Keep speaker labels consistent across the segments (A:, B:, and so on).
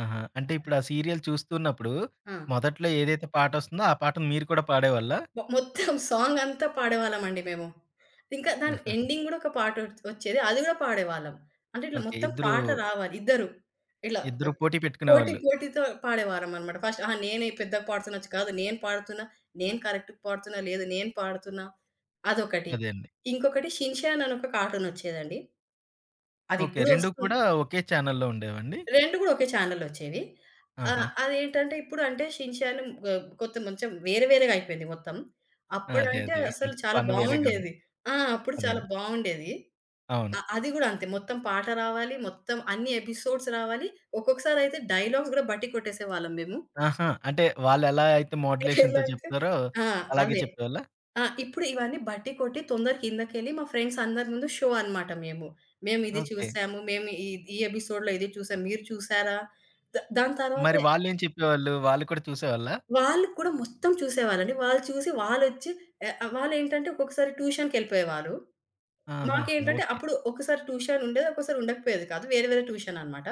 A: ఆహా! అంటే ఇప్పుడా సీరియల్ చూస్తున్నప్పుడు
B: ఆ!
A: మొదట్లో ఏదైతే పాటొస్తుందో ఆ పాటని మీరు కూడా పాడేవాళ్ళా?
B: మొ మొత్తం సాంగ్ అంతా పాడేవాళ్ళమండి మేము. ఇంకా దాని ఎండింగ్ గూడా ఒక పాట ఒత్ ఒచ్చేది. అది గూడా పాడేవాళ్ళం. అంటే ఇట్లా
A: ఓకే.
B: మొత్తం
A: ఇద్దరూ
B: పాట రావాలి. ఇద్దరు ఇలా
A: ఇద్దరు
B: అప్
A: పోటీ
B: పోటీ
A: పెట్టుకునేవాళ్ళు.
B: పోటీతో పాడేవాళ్లమనమాట. ఫస్ట్ అహా! నేనే పెద్దగా పాడుతున్నొచ్చు. కాదు నేను పాడుతున్నా. నేను కరెక్ట్‌గా పాడుతున్నా. లేదు నేను పాడుతున్నా. అదొకటి.
A: అదే అండి.
B: ఇంకొకటి 'షిన్ చాన్' అని ఒక కార్టూన్ ఒచ్చేదండి.
A: ఓకే.
B: అదిప్పుడు
A: 2 కూడా
B: ఒస్తుంది.
A: ఒకే చానెల్‌లో ఉండేవండి?
B: 2 గూడా ఒకే చానెల్‌లో ఒచ్చేవి. ఆహ్,
A: ఆహా!
B: అదేంటంటే ఇప్పుడు అంటే 'షిన్ చాన్' ఆహ్, కొంత కొంచెం వేరే వేరేగైపోయింది మొత్తం.
A: అదే
B: అప్పుడంటే
A: అదే.
B: అసలు చాలా
A: ఫన్ వేరేగా ఉంది.
B: బావుండేది. ఆ! అప్పుడు
A: అదే
B: చాలా
A: అండి.
B: బావుండేది.
A: అవును.
B: ఆహ్, అది గూడా అంతే మొత్తం పాట రావాలి. మొత్తం అన్ని ఎపిసోడ్స్ రావాలి. ఒక్కొక్కసారయితే డైలాగ్స్ గూడా బట్టి కొట్టేసేవాళ్ళం మేము.
A: ఆహా! అంటే వాళ్లెలా అయితే
B: ఎలా
A: మోడ్యులేషన్‌తో
B: అంటే
A: చెప్తారో
B: ఆ!
A: అలాగే
B: అదే.
A: చెప్పేవాళ్లా?
B: ఆ! ఇప్పుడు ఇవన్నీ బట్టి కొట్టి తొందర కిందకెళ్ళి మా ఫ్రెండ్స్ అందరి ముందు షో అన్నమాట మేము. మేం ఇది
A: ఓకే.
B: చూసాము. మేం ఈద్ ఈ ఎపిసోడ్‌లో ఇది చూసాము. మీరు చూసారా? ద దాని
A: మరి
B: తరువాతే
A: వాళ్ళేం చెప్పేవాళ్ళు? వాళ్ళు కూడా చూసేవాళ్ళా?
B: వాళ్ళు కూడా మొత్తం చూసేవారండి. వాళ్ళు చూసి వాళ్లొచ్చి ఏ ఆహ్, వాళ్లేంటంటే ఒక్కొక్కసారి ట్యూషన్‌‌కెళ్ళిపోయేవారు.
A: ఆహా!
B: మాకేంటంటే
A: ఓకే.
B: అప్పుడు ఒకసారి ట్యూషన్ ఉండేది. ఒక్కోసారి ఉండకపోయేది కాదు. వేరే వేరే ట్యూషన్ అన్నమాట.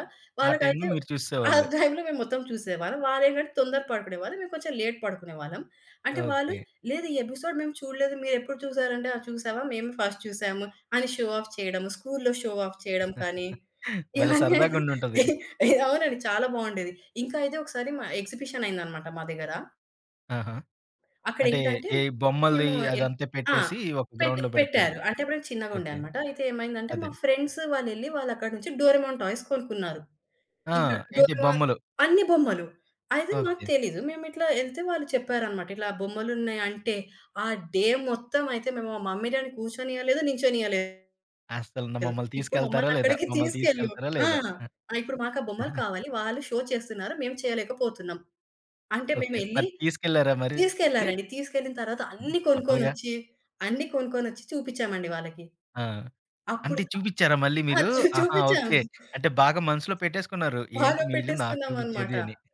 A: ఆ టైంలో
B: వాళ్ళకైతే
A: మీరు
B: ఆ
A: చూసేసేవాళ్లు?
B: టైంలో మెమొత్తం చూసేవాళ్ళం. వాళ్లేంటంటే తొందర పడుకునే వారు. మేము కొంచెం లేట్ పడుకునేవాళ్ళం. అంటే వాళ్ళు
A: ఓకే.
B: లేదు, "ఈ ఎపిసోడ్ మేము చూడలేదు. మీరెప్పుడు చూసారు" అంటే, ఆహ్, చూసావా? మేము ఫస్ట్ చూసాము అని షో ఆఫ్ చేయడం, స్కూలులో షో ఆఫ్ చేయడం కానీ,
A: భలే
B: ఇవన్నీ
A: సరదాగా
B: అయితే
A: ఉండుంటది.
B: ఎహ్ ఎహ్ అవునండి. చాలా బావుండేది. ఇంకా అయితే ఒకసారి మా ఎక్సిబిషన్ అయిందన్నమాట మా దగ్గర.
A: ఆహా! అంటే
B: అక్కడేంటంటే
A: ఈ బొమ్మలది
B: మేము యెల్
A: అదంతా
B: ఆ!
A: పెట్టేసి ఒక
B: పెట్టి
A: గ్రౌండ్‌లో బెడతారు.
B: పెట్టారు. అంటే అప్పుడు నేను చిన్నగుండె
A: ఓకే.
B: అన్నమాట. అయితే ఏమైందంటే మా
A: అదేండి.
B: ఫ్రెండ్స్ వాళ్ళెళ్ళి వాళ్ళక్కడి నుంచి డోరేమోన్ టాయ్స్ కొనుక్కున్నారు.
A: ఆ!
B: ఇంకా
A: ఏంటి?
B: డోరేమోన్
A: బొమ్మలు.
B: అన్ని బొమ్మలు అయితే మాకు
A: ఓకే.
B: తెలీదు. మేమిట్ల ఎళ్తే వాళ్ళు చెప్పారన్నమాట. ఇట్లా బొమ్మలున్నాయంటే ఆ డే మొత్తం అయితే మేము మా మమ్మీ డ్యాడీ కూర్చొనియలేదు. నించొనియలేదు.
A: అసలు న మమ్మల్ని
B: ఇప్పుడు
A: తీసుకెళ్తార లేదా?
B: మమ్మల్నక్కడికి
A: మమ్మల్ని
B: తీసుకెళ్ళు.
A: తీసుకెళ్తార
B: ఆ!
A: లేదా? ఆ!
B: ఆ! ఇప్పుడు మాకా బొమ్మలు కావాలి. వాళ్ళు షో చేస్తున్నారు. మేము చేయలేక పోతున్నాం. అంటే
A: ఓకే.
B: మేమెళ్లి
A: మరి తీసుకెళ్లార మరి?
B: తీసుకెళ్లారండి. తీసుకెళ్ళిన తరువాత
A: హ్మ్.
B: అన్ని
A: తప్పదుగా!
B: కొనుక్కొనొచ్చి, అన్ని కొనుక్కొనొచ్చి చూపించమండి వాళ్ళకి.
A: ఆ!
B: అప్పుడు
A: అంటే చూబిచ్చారా మళ్ళీ
B: ఆహ్ ఆ!
A: మీరు?
B: చూ
A: ఆహా!
B: చూపించాం.
A: ఓకే. అంటే బాగా మనసులో పెట్టేసుకున్నారు. ఏంటి
B: బాగా
A: మీరు నాకు
B: పెట్టేసుకున్నామన్నమాట.
A: చూపించేది? అని.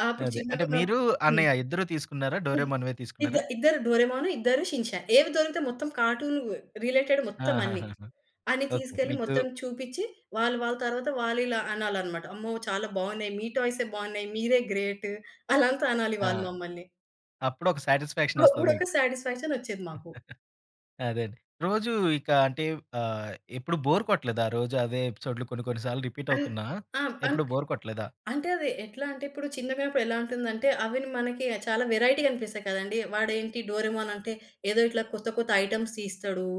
B: ఆహ్, అప్పుడు
A: అదే. అంటే
B: చిన్నగున్నప్
A: మీరు
B: హ్మ్.
A: అన్నయ్య ఇద్దరు తీసుకున్నారా?
B: హ్మ్.
A: డోరేమోన్‌వే
B: ఇద్ద
A: తీసుకున్నారా?
B: ఇద్దరు 'డోరేమోన్' ఇద్దరు 'షిన్ చాన్.' ఏది దొరికితే మొత్తం కార్టూన్ రిలేటెడ్ మొత్తం అన్ని.
A: ఆహాహాహా!
B: అన్ని
A: ఓకే.
B: తీసుకెళ్లి
A: మీకు
B: మొత్తం చూపించి వాళ్ళు వాళ్ళ తరువాత వాళ్లిలా అనాలన్నమాట. అమ్మో! చాలా బావున్నాయి. మీ టాయ్సే బావున్నాయి. మీరే గ్రేట్. అలా అంతా అనాలి
A: ఆ!
B: వాళ్ళు మమ్మల్ని.
A: అప్పుడొక సాటిస్ఫాక్షన్ ఒస్తది
B: అప్పుడొక
A: మీకు.
B: సాటిస్ఫాక్షన్ ఒచ్చేది మాకు.
A: అదే అండి. రోజు ఇక అంటే ఆహ్, ఎప్పుడు బోర్ కొట్టలేదా రోజు అదే ఎపిసోడ్లు కొన్ని కొన్ని సార్లు రిపీట్
B: అన్
A: అవుతున్నా
B: ఆ! అంటే
A: ఎప్పుడు బోర్ కొట్టలేదా?
B: అంటే అది ఎట్లా అంటే ఇప్పుడు చిన్నగా ఉన్నప్పుడు ఎలా ఉంటుందంటే అవి మనకి చాలా వేరైటీ గనిపిస్తాయి కదండీ. వాడేంటి 'డోరేమోన్' అంటే ఏదో ఇట్లా కొత్త కొత్త ఐటెమ్స్ తీస్తడు.